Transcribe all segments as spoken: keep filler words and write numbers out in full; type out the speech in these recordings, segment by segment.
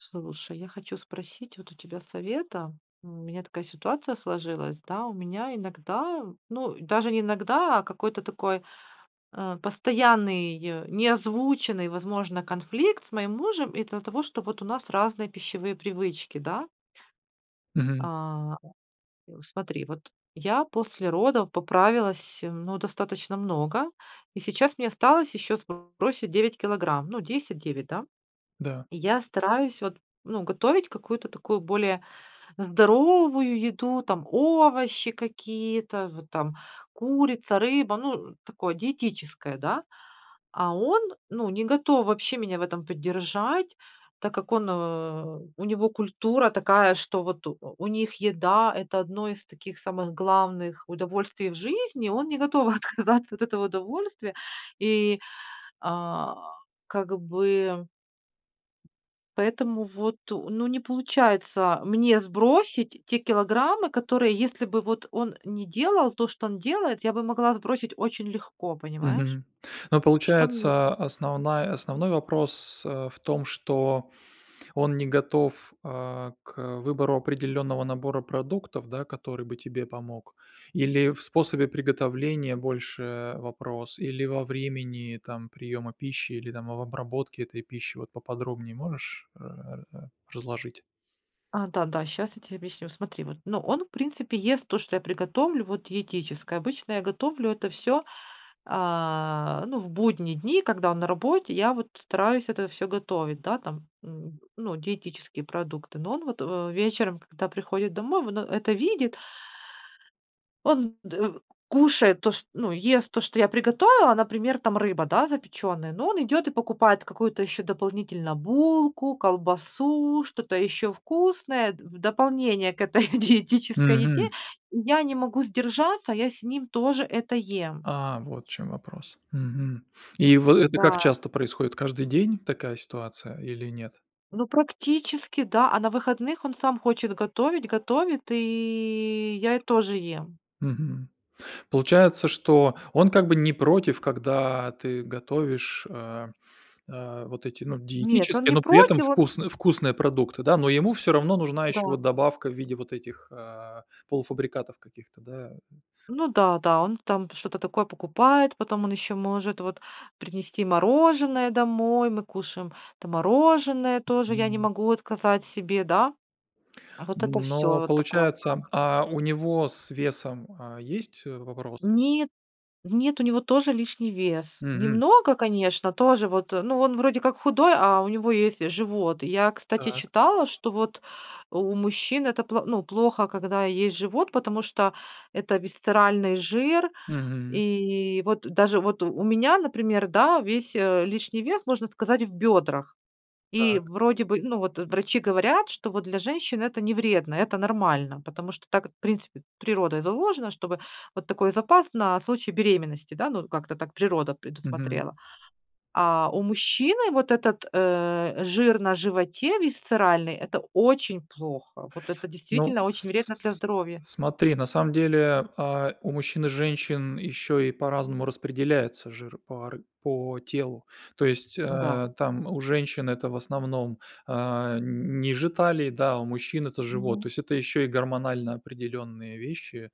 Слушай, я хочу спросить вот у тебя совета, м, у меня такая ситуация сложилась, да, у меня иногда, ну даже не иногда, а какой-то такой, а, постоянный, не озвученный, возможно, конфликт с моим мужем из-за того, что вот у нас разные пищевые привычки, да? Мгм. А, и у смотри, вот, я после родов поправилась, м, ну достаточно много и сейчас мне осталось ещё сбросить девять килограмм, ну десять девять, да? Да. И я стараюсь вот, ну готовить какую-то такую более здоровую еду, там овощи какие-то в там, курица, рыба, ну, такое диетическое, да? А он, ну, не готов вообще меня в этом поддержать, так как он, э, у него культура такая, что вот у у них еда, это одно из таких самых главных удовольствий в жизни. Он не готов отказаться от этого удовольствия, и, а, как бы ...поэтому вот, ну не получается мне сбросить те килограммы, которые если бы вот он не делал то, что он делает, я бы могла сбросить очень легко, понимаешь? Мгм. Но Что мне получается, основная основной вопрос, а, в том, что он не готов, а, к выбору определённого набора продуктов, да, который бы тебе помог? Или в способе приготовления больше вопрос? Или во времени там, приёма пищи или там, в обработке этой пищи? Вот поподробнее можешь, э, р р разложить? А, да-да, щас я тебе объясню. Смотри вот, ну он в принципе ест то, что я приготовлю, вот диетическое. Обычно я готовлю это всё, а, ну, в будние дни, когда он на работе, я вот стараюсь это всё готовить, да, там, м, ну, диетические продукты. Но он вот, э, вечером, когда приходит домой, вот он это видит он дэ в кушает то ш ну, ест то, что я приготовила, например, там рыба, да, запечённая. Но он идёт и покупает какую-то ещё дополнительно булку, колбасу, что-то ещё вкусное д в дополнение к этой диетической еде. Мгм! И я не могу сдержаться, я с ним тоже это ем. А, вот в чём вопрос. Мгм. И вы, и как Да. часто происходит? Каждый день, такая ситуация или нет? Ну, практически, да. А на выходных он сам хочет готовить, готовит, и я и тоже ем. Мгм. Получается, что он как бы не против, когда ты готовишь, а, а, вот эти, ну, Нет, он диетические, не но при этом против, он вкусны вкусные продукты, да? Но ему всё равно нужна ещё Да. вот добавка в виде вот этих, а, полуфабрикатов каких-то, да, м? Ну да, да, он там что-то такое покупает, потом он ещё может вот, принести мороженое домой, мы кушаем, там мороженое тоже, я не Мгм. могу отказать себе, да? А вот это всё, Но вот такого получается плана. а у него с весом, а, есть вопросы? Нет, в нет, у него тоже лишний вес, Мгм! немного конечно, тоже вот, э, ну он вроде как худой, а у него есть живот. И я, кстати, Так. читала, что вот, у мужчин это пло ну, плохо, когда есть живот, потому что это висцеральный жир. Мгм. И, вот, даже, вот у меня, например, да, весь, э, лишний вес, можно сказать, в бёдрах. И, Так. вроде бы, ну вот, э, врачи говорят, что вот для женщин это не вредно, это нормально. Потому что так в принципе, природой заложено, чтобы вот такой запас на случай беременности, да, ну вот как-то так природа Мгм. предусмотрела. А у мужчины вот этот, э, жир на животе висцеральный, это очень плохо, вот это Ну, действительно с очень с вредно для с с здоровья. смотри, на самом деле, а, у мужчин и женщин ещё и по-разному распределяется жир по ар по телу. То есть, Да. а, там у женщин это в основном, а, н ниже талии, да, у мужчин- это живот. Мгм. То есть, это ещё и гормонально определённые вещи,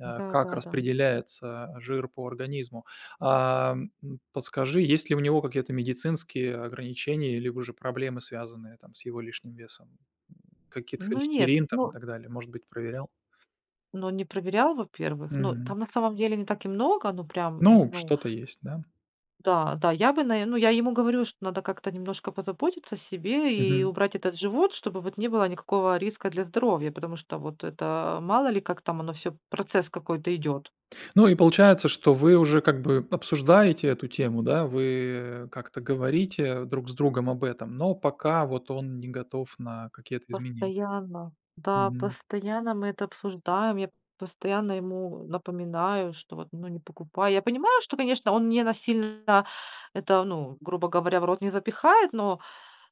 а, как Да-да-да. распределяется жир по организму. Ам, м, подскажи, есть ли у него какие-то медицинские ограничения, либо же проблемы, связанные там, с его лишним весом. Каких-то Ну нет, холестерин там, и ну так далее? Может быть проверял? Но не проверял, во-первых. Ну, Мгм. там на самом деле не так и много, ну прям, м, Ну, ну что-то есть, да? Да, да, я бы наверное, ну я ему говорю, что надо как-то немножко позаботиться о себе и Мгм. убрать этот живот, чтобы вот не было никакого риска для здоровья. Потому что вот это, мало ли, как там оно всё, процесс какой-то идёт. Ну и получается, что вы уже, как бы, обсуждаете эту тему, да? Вы как-то говорите друг с другом об этом, но пока вот он не готов на какие-то изменения? Постоянно, да, Мгм. постоянно мы это обсуждаем, я постоянно ему напоминаю, что вот: ну не покупай. Я понимаю, что, конечно, он не насильно, это ну, грубо говоря, в рот не запихает, но,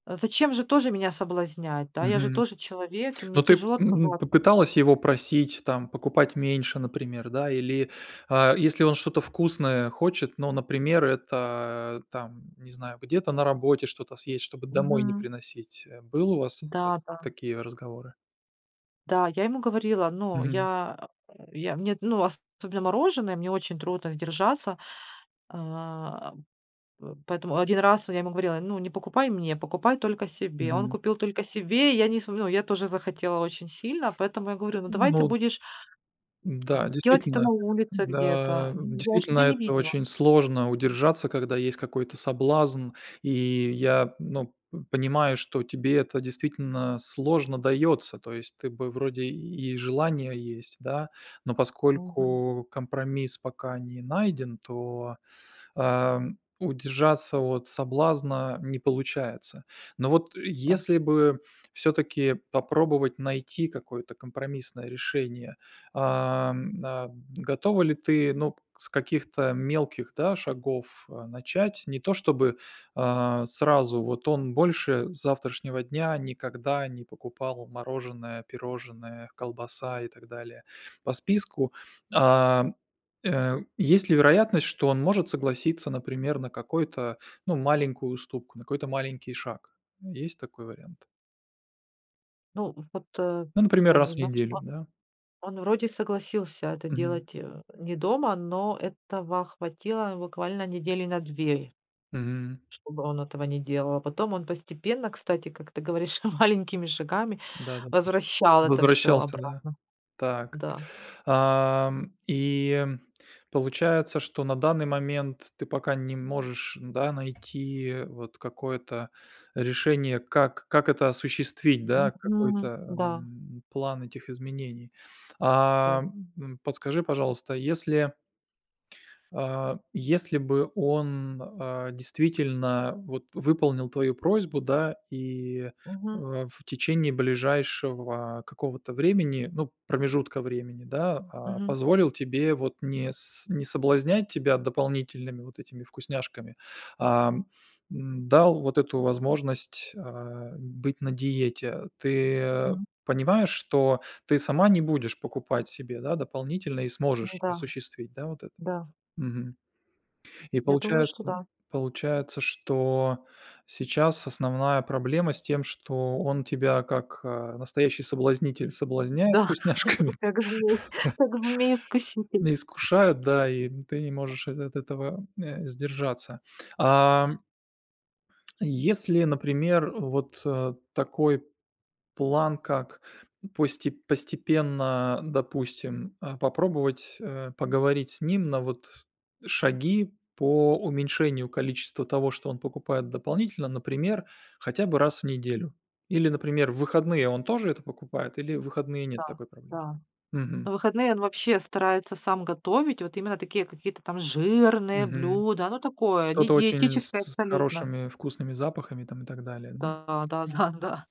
а зачем же тоже меня соблазнять, да, я же Мгм. тоже человек и мне Ну ты, тяжело м, отказаться. попыталась его просить, там, покупать меньше, например, да, или, а, если он что-то вкусное хочет, но, например, это, там, не знаю, где-то на работе что-то съесть, чтобы домой не Мгм. приносить, э. Был у вас, вот, Да-да. такие разговоры? Да, я ему говорила, ну, Мгм. я я мне, ну особенно мороженое, мне очень трудно сдержаться. А, п поэтому один раз, я ему говорила: ну, не покупай мне, покупай только себе. Он Мгм. купил только себе, я не см ну, я тоже захотела очень сильно, поэтому я говорю: ну давай ты Ну будешь Н-да, ...делать это действительно на улице где-то. да, Ну да, чтобы действительно я не это видела. очень сложно удержаться, когда есть какой-то соблазн, и я ну, м, понимаю, что тебе это действительно сложно даётся. То есть, ты бы вроде и желание есть, да, но Мгм. поскольку компромисс пока не найден, то, ам, удержаться от соблазна не получается. Но вот, э, Да. если бы, всё-таки попробовать найти какое-то компромиссное решение, ам, на Готова ли ты, ну, с каких-то мелких, да, шагов, а, начать? Не то чтобы, а, сразу, вот он больше с завтрашнего дня никогда не покупал мороженое, пирожное, колбаса и так далее, по списку. А, э, есть ли вероятность, что он может согласиться, например, на какой-то, ну, маленькую уступку, на какой-то маленький шаг? Есть такой вариант? Ну, вот, э, Ну например, раз в понимаешь, неделю, да? да? Он вроде согласился это Мгм. делать, э, не дома, но этого хватило буквально недели на две. Мгм. Чтобы он этого не делал, а потом он постепенно, кстати, как ты говоришь, маленькими шагами Да-да-да. возвращал это всё Возвращался, да? обратно. Так, Да. ам, и получается, что на данный момент ты пока не можешь, да, найти вот какое-то решение, как как это осуществить, да? Мгм. Какой-то, Да. м, план этих изменений. Да. А, м, подскажи, пожалуйста, если а, если бы он, а, действительно вот выполнил твою просьбу, да, и, Мгм. а, в течение ближайшего какого-то времени, ну, промежутка времени, да, а, Мгм. позволил тебе вот не с не соблазнять тебя дополнительными вот этими вкусняшками, ам, м, дал вот эту возможность, а, быть на диете. Ты Мгм. понимаешь, что ты сама не будешь покупать себе, да, дополнительно и Ну сможешь да. осуществить, да, вот это? Да. Мгм. И Я думаю, что получается да. получается, что сейчас основная проблема с тем, что он тебя, как, а, настоящий соблазнитель соблазняет Да, вкусняшками. как змей, как змей искуситель. На искушают, да, и ты не можешь от эт от этого, э, сдержаться. Ам если, например, вот, э, такой план как, посте постепенно, допустим, а, попробовать, э, поговорить с ним на вот, шаги по уменьшению количества того, что он покупает дополнительно. Например хотя бы раз в неделю или например в выходные он тоже это покупает или в выходные нет Да, такой проблемы? да. Мгм. На выходные он вообще старается сам готовить, вот именно такие, какие-то там, жирные Мгм. блюда, оно такое, не Что-то очень с диетическое с абсолютно. хорошими вкусными запахами, там, и так далее, м? Да, да, да, да.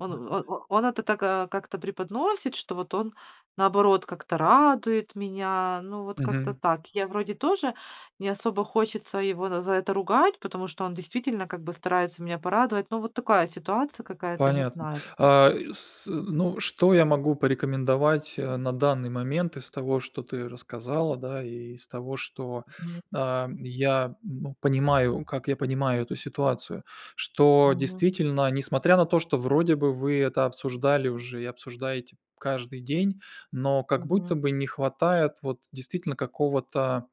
Он в вот о он это так, а, как-то преподносит, что вот он, наоборот как-то радует меня. Ну вот как-то Мгм. так. Я вроде тоже, не особо хочется его на за это ругать, потому что он действительно как бы старается меня порадовать. Ну вот такая ситуация какая-то, не Понятно, знаю. а, с ну, что я могу порекомендовать, а, на данный момент из того, что ты рассказала, да, и из того, что, Нет. ам, я бу понимаю, как я понимаю эту ситуацию. Что Мгм. действительно, несмотря на то, что вроде бы вы это обсуждали уже и обсуждаете каждый день, но как Мгм. будто бы не хватает, вот, действительно какого-то,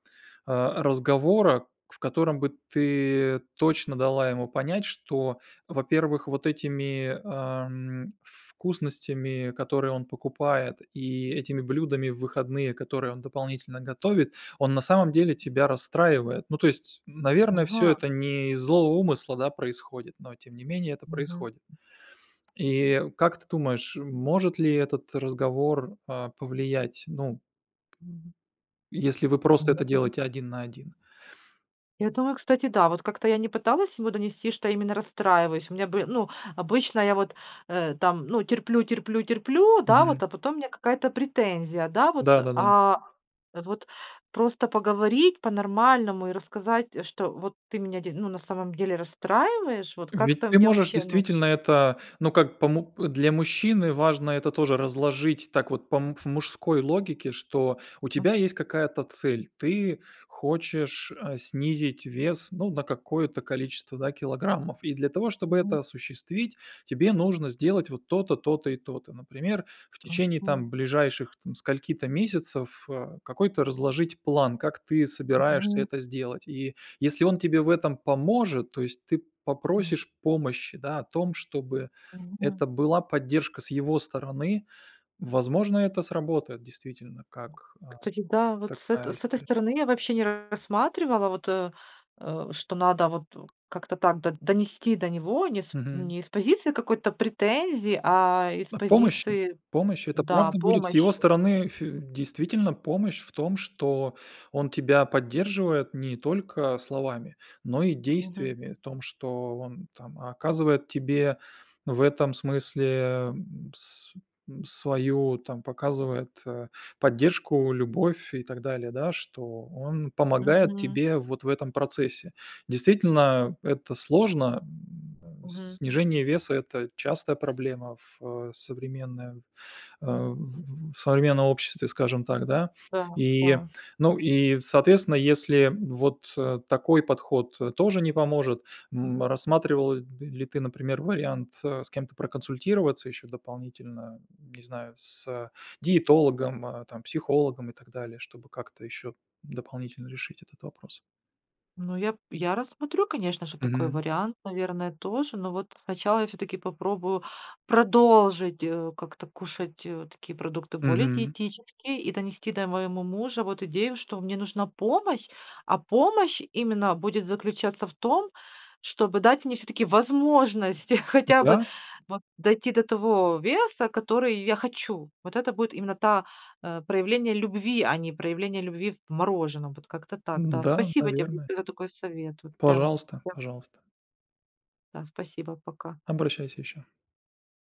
а, разговора. В котором бы ты точно дала ему понять, что, во-первых вот этими, ам, вкусностями, которые он покупает, и этими блюдами в выходные, которые он дополнительно готовит, он на самом деле тебя расстраивает. Ну то есть, наверное всё Ага! это не из злого умысла, да, происходит, но тем не менее, это Мгм. происходит. И, как ты думаешь, может ли этот разговор, а, повлиять, ну если вы просто это Нету. делаете один на один? Я думаю, кстати, да, вот как-то я не пыталась ему донести, что именно расстраиваюсь, у меня бы Ну, обычно я вот, э, там, ну, терплю, терплю, терплю, да Мгм. вот, а потом у меня какая-то претензия, да вот. Да-да-да. А, вот, просто поговорить по-нормальному и рассказать, что: вот ты меня де ну на самом деле расстраиваешь. Вот, Ведь, как-то ты мне можешь вообще, ну действительно это, ну как помо Для мужчины важно это тоже разложить так вот, по, м, в мужской логике, что у Мгм. тебя есть какая-то цель, ты хочешь, а, снизить вес, ну, на какое-то количество, да, килограммов. И для того, чтобы Мгм. это осуществить, тебе нужно сделать вот то-то, то-то и то-то. Например, в течение Мгм. там, ближайших там скольки-то месяцев, а, какой-то разложить план, как ты собираешься Мгм. это сделать. И если он тебе в этом поможет, то есть, ты М. попросишь помощи, да, в том чтобы Мгм. это была поддержка с его стороны. Возможно это сработает действительно, как, а, Кстати, да, вот, с эту такая с этой история? стороны я вообще не рассматривала вот, э, э, что надо вот у как-то так до донести до него, не с Мгм. не из позиции какой-то претензии, а из О помощи? позиции Помощь, это Да, правда будет с помощи. его стороны ф действительно помощь в том, что он тебя поддерживает не только словами, но и Мгм. действиями. В том, что он там, оказывает тебе в этом смысле, м, с свою, там, показывает, а, поддержку, любовь и так далее, да, что он помогает Мгм. тебе вот в этом процессе. Действительно, это сложно, м, э. Мгм. Снижение веса, это частая проблема в современном, а, в в в современном обществе, скажем так, да. Да, И, да. ну, и, соответственно, если вот, а, такой подход, э, тоже не поможет, м, рассматривал, ли ты, например, вариант, а, с кем-то проконсультироваться ещё дополнительно, не знаю, с диетологом, а, там, психологом и так далее, чтобы как-то ещё дополнительно решить этот вопрос? Ну я, я рассмотрю, конечно же, такой Мгм. вариант, наверное, тоже. Но вот, сначала я всё-таки попробую продолжить, э, как-то кушать, э, такие продукты, более Мгм. диетические, и донести до моему мужа вот идею, что мне нужна помощь, а помощь именно будет заключаться в том, чтобы дать мне всё-таки возможность, Ну хотя бы, да. вот дойти до того веса, который я хочу. Вот это будет именно та, э, проявление любви, а не проявление любви в мороженом. Вот, как-то так, да. Н-да, Спасибо тебе наверное. за такой совет, вот прям, Пожалуйста, я пожалуйста. Да, спасибо, пока. Обращайся ещё.